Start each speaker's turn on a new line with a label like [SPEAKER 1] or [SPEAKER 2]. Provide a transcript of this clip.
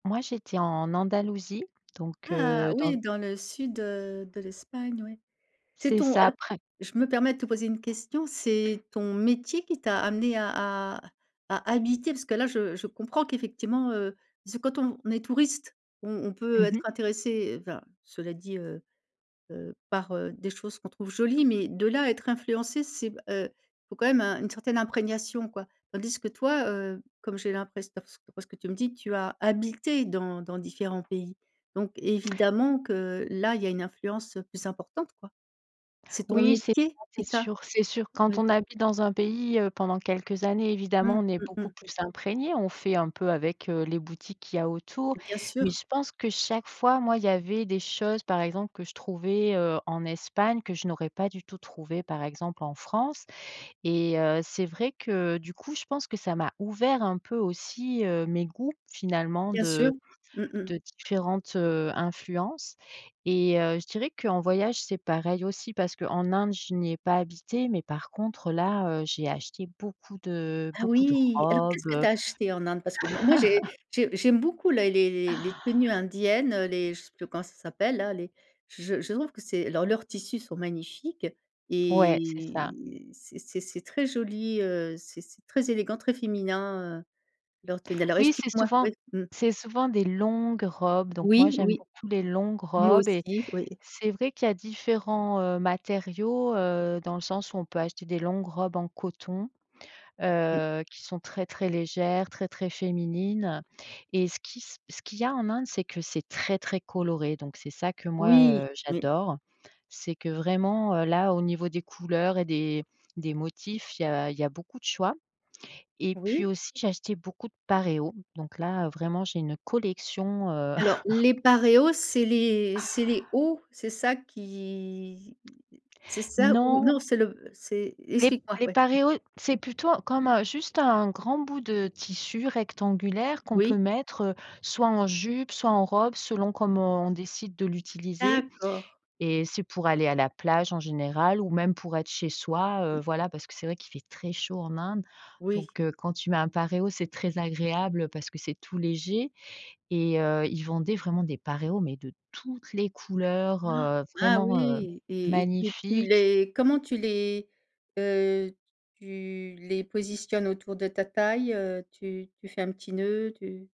[SPEAKER 1] Moi, j'étais en Andalousie, donc
[SPEAKER 2] Ah
[SPEAKER 1] heu, dans
[SPEAKER 2] oui, dans le sud, heu, de l'Espagne, oui. C'est
[SPEAKER 1] C'est
[SPEAKER 2] ton
[SPEAKER 1] ça,
[SPEAKER 2] alors,
[SPEAKER 1] après
[SPEAKER 2] je me permets de te poser une question, c'est ton métier qui t'a amené à à à habiter, parce que là, je je comprends qu'effectivement, heu, parce que quand on est touriste, on on peut
[SPEAKER 1] Mmh
[SPEAKER 2] être
[SPEAKER 1] mh.
[SPEAKER 2] intéressé, enfin, cela dit, heu heu, par, heu, des choses qu'on trouve jolies, mais de là à être influencé, c'est b heu, faut quand même un une certaine imprégnation, quoi, tandis que toi, heu, comme j'ai l'impress d'après d'après ce que tu me dis, tu as habité dans dans différents pays, donc évidemment que là, il y a une influence, heu, plus importante, quoi. C'est ton
[SPEAKER 1] Oui, c'est pas
[SPEAKER 2] métier qui
[SPEAKER 1] c'est
[SPEAKER 2] t'a
[SPEAKER 1] sûr, c'est sûr. Quand
[SPEAKER 2] oui.
[SPEAKER 1] on habite dans un pays, heu, pendant quelques années,
[SPEAKER 2] Mmh.
[SPEAKER 1] évidemment, on est
[SPEAKER 2] Mmh
[SPEAKER 1] beaucoup
[SPEAKER 2] mh.
[SPEAKER 1] plus imprégné. On fait un peu avec, heu, les boutiques qu'il y a autour,
[SPEAKER 2] Bien
[SPEAKER 1] mais
[SPEAKER 2] sûr.
[SPEAKER 1] je pense que, chaque fois, moi, il y avait des choses, par exemple, que je trouvais, heu, en Espagne que je n'aurais pas du tout trouvées, par exemple, en France et heu, c'est vrai que, du coup, je pense que ça m'a ouvert un peu aussi, heu, mes goûts, finalement,
[SPEAKER 2] Bien
[SPEAKER 1] de
[SPEAKER 2] sûr, mmh mh.
[SPEAKER 1] de différentes, heu, influences et heu, je dirais qu'en voyage, c'est pareil aussi parce qu'en Inde, je n'y ai pas habité, mais par contre, là, heu, j'ai acheté beaucoup de
[SPEAKER 2] Ah
[SPEAKER 1] beaucoup de
[SPEAKER 2] oui! Alors qu'est-ce
[SPEAKER 1] robes,
[SPEAKER 2] que tu
[SPEAKER 1] heu.
[SPEAKER 2] as acheté en Inde? Parce que moi moi, j'ai j'ai j'aime beaucoup les les les tenues indiennes, heu, les je sais plus comment ça s'appelle, là, les j j je trouve que c'est leurs leurs tissus sont magnifiques
[SPEAKER 1] Ouais, c'est ça.
[SPEAKER 2] et c'est c'est c'est très joli, heu, c'est c'est très élégant, très féminin, heu, leurs tenues. Alors
[SPEAKER 1] Oui, c'est
[SPEAKER 2] explique-moi.
[SPEAKER 1] souvent
[SPEAKER 2] Ouais mmh.
[SPEAKER 1] c'est souvent des longues robes, donc moi,
[SPEAKER 2] Oui,
[SPEAKER 1] j'aime
[SPEAKER 2] oui.
[SPEAKER 1] beaucoup les longues
[SPEAKER 2] Moi
[SPEAKER 1] robes et
[SPEAKER 2] aussi, oui.
[SPEAKER 1] c'est vrai qu'il y a différents, heu, matériaux, heu, dans le sens où on peut acheter des longues robes en coton,
[SPEAKER 2] Mmh.
[SPEAKER 1] heu, qui sont très, très légères, très, très féminines et ce qui c ce qu'il y a en Inde, c'est que c'est très, très coloré, donc c'est ça que moi,
[SPEAKER 2] Oui,
[SPEAKER 1] heu,
[SPEAKER 2] mmh.
[SPEAKER 1] j'adore. C'est que vraiment, heu, là, au niveau des couleurs et des des motifs, il y a il y a beaucoup de choix et puis,
[SPEAKER 2] Oui.
[SPEAKER 1] aussi, j'ai acheté beaucoup de paréos, donc là, heu, vraiment, j'ai une collection, heu.
[SPEAKER 2] Alors, les paréos, c'est les c'est les hauts, c'est ça? Qui c'est ça ou
[SPEAKER 1] Non.
[SPEAKER 2] non, c'est le b c'est
[SPEAKER 1] Les p
[SPEAKER 2] explique-moi,
[SPEAKER 1] les
[SPEAKER 2] ouais, mmh.
[SPEAKER 1] paréos, c'est plutôt comme, heu, juste un grand bout de tissu rectangulaire qu'on
[SPEAKER 2] Oui.
[SPEAKER 1] peut mettre, heu, soit en jupe, soit en robe, selon comment on décide de l'utiliser
[SPEAKER 2] D'accord.
[SPEAKER 1] et c'est pour aller à la plage, en général ou même pour être chez soi. Heu,
[SPEAKER 2] Mmh.
[SPEAKER 1] voilà parce que c'est vrai qu'il fait très chaud en Inde,
[SPEAKER 2] Oui.
[SPEAKER 1] donc heu, quand tu mets un paréo, c'est très agréable parce que c'est tout léger et heu, ils vendaient vraiment des paréos, mais de toutes les couleurs, heu,
[SPEAKER 2] Ah
[SPEAKER 1] vraiment, heu,
[SPEAKER 2] oui et et t et tu
[SPEAKER 1] magnifiques.
[SPEAKER 2] les comment tu les, heu, tu les positionnes autour de ta taille, heu, tu tu fais un petit nœud? Tu